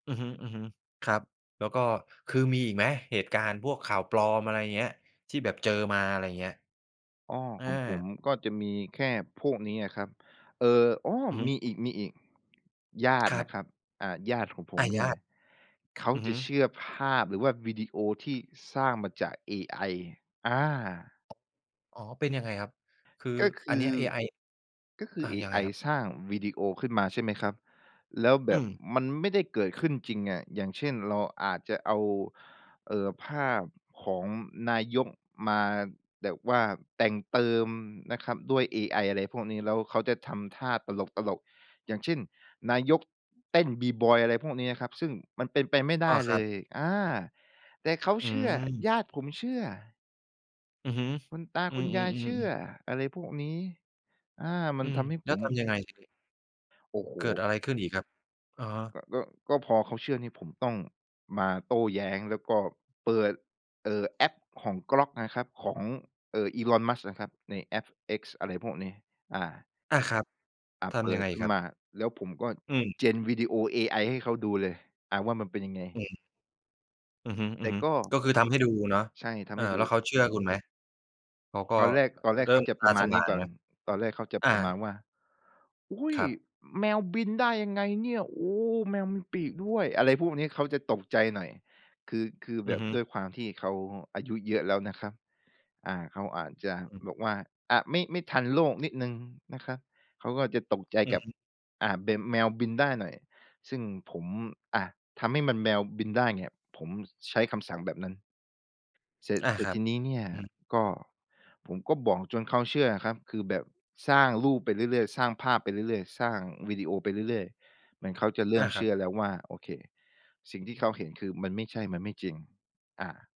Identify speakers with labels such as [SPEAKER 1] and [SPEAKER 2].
[SPEAKER 1] อือฮึ ๆ ครับ แล้วก็ คือมีอีกไหม เหตุการณ์พวกข่าวปลอม อะไรอย่างเงี้ย ที่แบบเจอมา อะไรอย่างเงี้ย?
[SPEAKER 2] อ้อ
[SPEAKER 1] เออ
[SPEAKER 2] ของผมก็จะมีแค่พวกนี้อะครับ เออ อ้อ
[SPEAKER 1] อือฮ
[SPEAKER 2] ม
[SPEAKER 1] ึ
[SPEAKER 2] ีอีก ๆ ญาต
[SPEAKER 1] ค
[SPEAKER 2] ิ
[SPEAKER 1] ร
[SPEAKER 2] น
[SPEAKER 1] ั
[SPEAKER 2] ะ
[SPEAKER 1] บ
[SPEAKER 2] ครับ อ่า ญาติของผ
[SPEAKER 1] ไอ
[SPEAKER 2] มเ
[SPEAKER 1] ย
[SPEAKER 2] นี่
[SPEAKER 1] ะ
[SPEAKER 2] ย เขา
[SPEAKER 1] อือ
[SPEAKER 2] จ
[SPEAKER 1] ฮึ
[SPEAKER 2] ะเชื่อภาพ หรือว่าวิดีโอที่สร้างมาจากเอไอ อา
[SPEAKER 1] อ๋อ เป็นยังไงครับ คือ
[SPEAKER 2] ก็ค
[SPEAKER 1] อัน
[SPEAKER 2] ื
[SPEAKER 1] นี้
[SPEAKER 2] อ
[SPEAKER 1] เอไอ
[SPEAKER 2] ก็คื
[SPEAKER 1] อ
[SPEAKER 2] อ
[SPEAKER 1] า
[SPEAKER 2] เอ
[SPEAKER 1] ยังไ
[SPEAKER 2] ไอ
[SPEAKER 1] งครับ?
[SPEAKER 2] สร้างวีดีโอขึ้นมา ใช่ไหมครับ แล้วแบ
[SPEAKER 1] อ
[SPEAKER 2] บ
[SPEAKER 1] ืม
[SPEAKER 2] มันไม่ได้เกิดขึ้นจริงอะ อย่างเช่น เราอาจจะเอา เอ่อ ภาพ ของนายกมาแบบว่าแต่งเติมนะครับด้วยเอไอ อะไรพวกนี้ แล้วเขาจะทำท่าตลก ๆ อย่างเช่น นายก เต้น b-boy อะไรพวกนี้นะครับ ซึ่งมันเป็นไปไม่ได
[SPEAKER 1] อ๋
[SPEAKER 2] ้
[SPEAKER 1] อ ค
[SPEAKER 2] เ
[SPEAKER 1] ร
[SPEAKER 2] ล
[SPEAKER 1] ับ
[SPEAKER 2] ย อ่า แต่เขา
[SPEAKER 1] อื
[SPEAKER 2] เชื่อ
[SPEAKER 1] ม
[SPEAKER 2] ญาติผมเชื่อ
[SPEAKER 1] อือฮึ
[SPEAKER 2] คุณตา
[SPEAKER 1] อื
[SPEAKER 2] คุ
[SPEAKER 1] อ
[SPEAKER 2] ณยายเชื่
[SPEAKER 1] ๆ
[SPEAKER 2] อ
[SPEAKER 1] ๆ ๆ
[SPEAKER 2] อะไรพวกนี้ อา มั
[SPEAKER 1] อ
[SPEAKER 2] น
[SPEAKER 1] ื
[SPEAKER 2] ท
[SPEAKER 1] ม
[SPEAKER 2] ำให้
[SPEAKER 1] แ
[SPEAKER 2] ผ
[SPEAKER 1] ล้ว
[SPEAKER 2] ม
[SPEAKER 1] ทำยังไงทีนี้?
[SPEAKER 2] โอ้โ
[SPEAKER 1] เกิด
[SPEAKER 2] ฮ!
[SPEAKER 1] อะไรขึ้นอีกครับ? อะฮะ
[SPEAKER 2] ก็ ก็ ก็พอเขาเชื่อนี่ผมต้องมาโต้แย้ง แล้วก็เปิด เอ่อ แอปของ Grok นะครับ ของ เอ่อ Elon Musk นะครับ ในแอป X อะไรพวกนี้ อ่า
[SPEAKER 1] อา ครับ
[SPEAKER 2] อา
[SPEAKER 1] ท
[SPEAKER 2] เป
[SPEAKER 1] ำย
[SPEAKER 2] ิ
[SPEAKER 1] ัง
[SPEAKER 2] ด
[SPEAKER 1] ไง
[SPEAKER 2] ขึ้
[SPEAKER 1] ค
[SPEAKER 2] น
[SPEAKER 1] รับ?
[SPEAKER 2] มา แล้วผมก็
[SPEAKER 1] อืม
[SPEAKER 2] gen วีดีโอเอไอให้เขาดูเลย อา ว่ามันเป็นยังไง
[SPEAKER 1] อืม อือฮึ
[SPEAKER 2] แต่ก
[SPEAKER 1] ๆ
[SPEAKER 2] ็
[SPEAKER 1] ก็คือทำให้ดูเนาะ
[SPEAKER 2] ใช่ ท
[SPEAKER 1] เอ
[SPEAKER 2] ำใ
[SPEAKER 1] อ
[SPEAKER 2] ห้ดู
[SPEAKER 1] แล้วเขาเชื่อคุณไหม? เขาก็
[SPEAKER 2] ตอนแรก
[SPEAKER 1] อ
[SPEAKER 2] ตอนแร
[SPEAKER 1] เ
[SPEAKER 2] ก
[SPEAKER 1] ริ่
[SPEAKER 2] เขา
[SPEAKER 1] ม
[SPEAKER 2] จะ
[SPEAKER 1] ต
[SPEAKER 2] ป
[SPEAKER 1] า
[SPEAKER 2] ระม
[SPEAKER 1] ส
[SPEAKER 2] าณ
[SPEAKER 1] ว
[SPEAKER 2] นี
[SPEAKER 1] ่
[SPEAKER 2] ้
[SPEAKER 1] าง
[SPEAKER 2] ก่
[SPEAKER 1] น
[SPEAKER 2] อ
[SPEAKER 1] ไห
[SPEAKER 2] น
[SPEAKER 1] ม?
[SPEAKER 2] ตอนแรกเขาจะ
[SPEAKER 1] อา
[SPEAKER 2] ประมาณว่า "อุ้ย!
[SPEAKER 1] ครับ
[SPEAKER 2] แมวบินได้ยังไงเนี่ย โอ้! แมวมีปีกด้วย" อะไรพวกนี้ เขาจะตกใจหน่อย คือ คือแ
[SPEAKER 1] อ
[SPEAKER 2] บ
[SPEAKER 1] ือ
[SPEAKER 2] บ
[SPEAKER 1] ฮึ
[SPEAKER 2] ด้วยความที่เขาอายุเยอะแล้วนะครับ อา เขาอาจจะ
[SPEAKER 1] อืม
[SPEAKER 2] บอกว่า อา ไม่ ไม่ทันโลกนิดหนึ่งนะครับ เขาก็จะตกใจ
[SPEAKER 1] อื
[SPEAKER 2] ก
[SPEAKER 1] อ
[SPEAKER 2] ับ
[SPEAKER 1] ฮึ
[SPEAKER 2] อ่า แบบแมวบินได้หน่อย ซึ่งผม อา ทำให้มัน แมวบินได้เนี่ย ผมใช้คำสั่งแบบนั้น เสร็จ
[SPEAKER 1] อา
[SPEAKER 2] เสร็
[SPEAKER 1] ค
[SPEAKER 2] จ
[SPEAKER 1] รั
[SPEAKER 2] ท
[SPEAKER 1] บ
[SPEAKER 2] ีนี้เนี่ย
[SPEAKER 1] อืม
[SPEAKER 2] ก็ ผมก็บอกจนเขาเชื่อครับ คือแบบสร้างรูปไปเรื่อย ๆ สร้างภาพไปเรื่อย ๆ สร้างวิดีโอไปเรื่อย ๆ เหมือนเขาจะเริ
[SPEAKER 1] อ
[SPEAKER 2] ่
[SPEAKER 1] า
[SPEAKER 2] ม
[SPEAKER 1] ค
[SPEAKER 2] เช
[SPEAKER 1] รั
[SPEAKER 2] ื
[SPEAKER 1] บ
[SPEAKER 2] ่อแล้วว่า โอเค สิ่งที่เขาเห็นคือมันไม่ใช่ มันไม่จริง อา